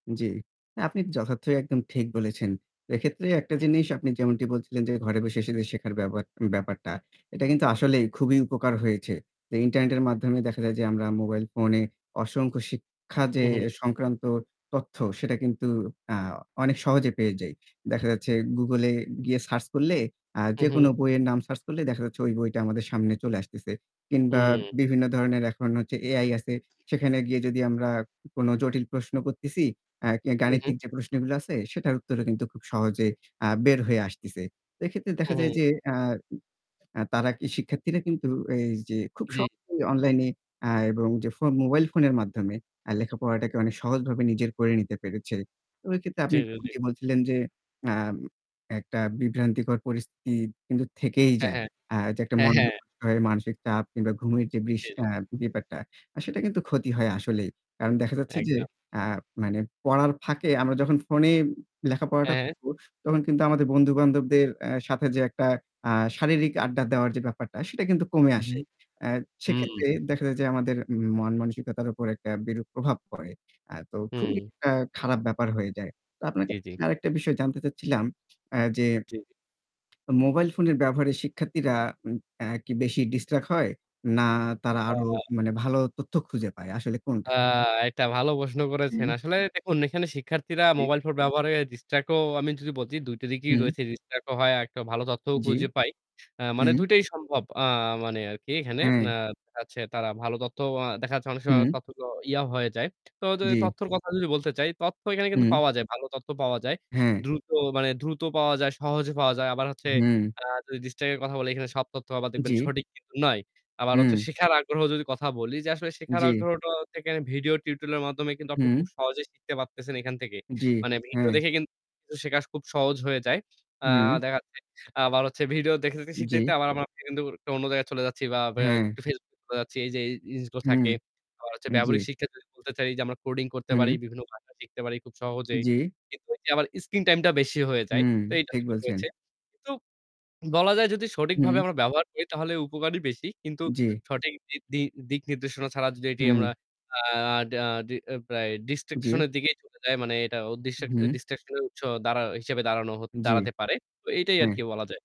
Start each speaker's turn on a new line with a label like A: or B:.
A: জী। আপনি যথার্থই একদম ঠিক বলেছেন। এক্ষেত্রে একটা জিনিস আপনি যেমনটি বলছিলেন যে ঘরে বসে শুধু শেখার ব্যাবাক ব্যাপারটা। এটা কিন্তু আসলেই খুবই উপকার হয়েছে। তো ইন্টারনেটের মাধ্যমে দেখা যায় যে আমরা মোবাইল ফোনে অসংখ্য শিক্ষা যে
B: হুম, হুম।
A: সংক্রান্ত তথ্য সেটা কিন্তু, হ্যাঁ, অনেক সহজে পেয়ে যাই। দেখা যাচ্ছে Google এ গিয়ে সার্চ করলে আ
B: হুম,
A: যেকোনো
B: হুম।
A: বইয়ের নাম সার্চ করলে দেখা যাচ্ছে ঐ বইটা আমাদের সামনে চলে আসতেছে। কিংবা
B: হুম।
A: বিভিন্ন ধরনের এখন হচ্ছে AI আছে। সেখানে গিয়ে যদি আমরা কোনো জটিল প্রশ্ন করতেছি আ
B: হুম, হুম।
A: গাণিতিক যে প্রশ্নগুলো আছে সেটার উত্তরও কিন্তু খুব সহজে আ বের হয়ে আসতেছে। এক্ষেত্রে দেখা
B: হুম,
A: যায়
B: হুম।
A: যে আ অ্যা তারা শিক্ষার্থীরা কিন্তু এই যে খুব
B: জী।
A: সহজেই অনলাইনে আ এবং যে ফোন মোবাইল ফোনের মাধ্যমে আ লেখাপড়াটাকে অনেক সহজভাবে নিজের করে নিতে পেরেছে। ওই ক্ষেত্রে আপনি
B: ঠিকাছে।
A: বলছিলেন যে আম একটা বিভ্রান্তিকর পরিস্থিতি কিন্তু থেকেই
B: হ্যাঁ,
A: যায়।
B: হ্যাঁ।
A: আ যে একটা
B: হ্যাঁ,
A: মনযোগ
B: হ্যাঁ।
A: করতে হয়, মানসিক চাপ কিংবা ঘুমের যে বিষ
B: জী, জী।
A: আ ব্যাপারটা সেটা কিন্তু ক্ষতি হয় আসলেই। কারণ দেখা যাচ্ছে যে
B: একদম।
A: আ মানে পড়ার ফাঁকে আমরা যখন ফোনে
B: হ্যাঁ,
A: লেখাপড়াটা
B: হ্যাঁ।
A: করব তখন কিন্তু আমাদের বন্ধুবান্ধবদের আ সাথে যে একটা আ শারীরিক আড্ডা দেওয়ার যে ব্যাপারটা সেটা কিন্তু কমে
B: হু, হু,
A: আসে। আ সেক্ষেত্রে
B: হুম।
A: দেখা যায় যে আমাদের মন মানসিকতার উপর একটা বিরূপ প্রভাব পড়ে। আ তো খুবই
B: হুম।
A: একটা খারাপ ব্যাপার হয়ে যায়। তো আপনার
B: জী,
A: কাছে
B: জী।
A: আরেকটা বিষয় জানতে চাচ্ছিলাম আ যে
B: জী।
A: মোবাইল ফোনের ব্যবহারে শিক্ষার্থীরা উম আ কি বেশি ডিসট্রাক্ট হয় না তারা
B: হ্যাঁ,
A: আরো
B: হ্যাঁ।
A: মানে ভালো তথ্য খুঁজে পায় আসলে
B: আ
A: কোনটা?
B: একটা ভালো প্রশ্ন করেছেন।
A: হুম।
B: আসলে দেখুন এখানে শিক্ষার্থীরা
A: জী।
B: মোবাইল ফোন ব্যবহারের ডিসট্র্যাক্ট ও আমি যদি বলছি ২ টো দিকেই
A: হুম।
B: রয়েছে ডিস্ট্রাক্ট ও হয় একটা ভালো তথ্যও
A: জী।
B: খুঁজে পাই। অ্যা মানে
A: হুম।
B: ২ টাই সম্ভব আ মানে আরকি এখানে আ
A: হ্যাঁ।
B: তাচ্ছে তারা ভালো তথ্য আ দেখাচ্ছে অনেক সময়
A: হুম।
B: তথ্য ইয়া হয়ে যায়। তো যে
A: জী।
B: তথ্যর কথা যদি বলতে চাই, তথ্য এখানে কিন্তু
A: হুম।
B: পাওয়া যায়। ভাল তথ্য পাওয়া যায়।
A: হ্যাঁ।
B: দ্রুত মানে দ্রুত পাওয়া যায়, সহজে পাওয়া যায়। আবার হচ্ছে
A: হুম।
B: আ যদি ডিস্ট্রাক্ট কথা বলে এখানে সব তথ্য আবার দেখবেন
A: জী।
B: সঠিক কিন্তু নয়। আবার হচ্ছে
A: হুম।
B: শেখার আগ্রহ যদি কথা বলি যে আসলে শেখার
A: জী।
B: আগ্রহটাও থেকে আমি ভিডিও টিউটোরিয়াল এর মাধ্যমে কিন্তু আপনি
A: হুম।
B: খুব সহজেই শিখতে পারতেছেন এখান থেকে।
A: জী,
B: মানে ভিডিও
A: হ্যাঁ।
B: দেখে কিন্তু শেখা খুব সহজ হয়ে যায়। আ
A: হুম।
B: দেখা যাচ্ছে আবার হচ্ছে ভিডিও দেখে-দেখে শিখতে, শিখতে
A: জী।
B: আবার আমার সেখান থেকে আবার অন্য জায়গায় চলে যাচ্ছি বা ব্যা
A: হ্যাঁ।
B: একটু Facebook চলে যাচ্ছি। এই যে এই জিনিসগুলো
A: হুম,
B: থাকে। আবার হচ্ছে ব্যবহারিক
A: জী।
B: শিক্ষা যদি বলতে চাই যে আমরা কোডিং করতে পারি,
A: হুম।
B: বিভিন্ন ভাষা শিখতে পারি খুব সহজেই।
A: জী।
B: কিন্তু এ আবার স্ক্রিন টাইমটা বেশি হয়ে যায়।
A: হুম,
B: তো এইটা
A: ঠিক
B: কিন্তু
A: বলছেন।
B: রয়েছে। তোপ বলা যায় যদি সঠিকভাবে
A: হুম।
B: আমরা ব্যবহার করি তাহলে উপকারই বেশি। কিন্তু
A: জী।
B: সঠিক বৃদ্ধি দিক নির্দেশনা ছাড়া যদি এটি আমরা
A: হুম।
B: আ ডা ডি অ্যা প্রায় ডিস্ট্রাক্শন
A: জী।
B: এর দিকেই চলে যায় মানে এটা ডিস্ট্রাক
A: হুম।
B: ডিস্ট্রাক্শন এর উৎস দাড়া হিসেবে দাঁড়ান
A: জী।
B: দাঁড়াতে পারে। তো এটাই
A: হ্যাঁ।
B: আরকি বলা যায়।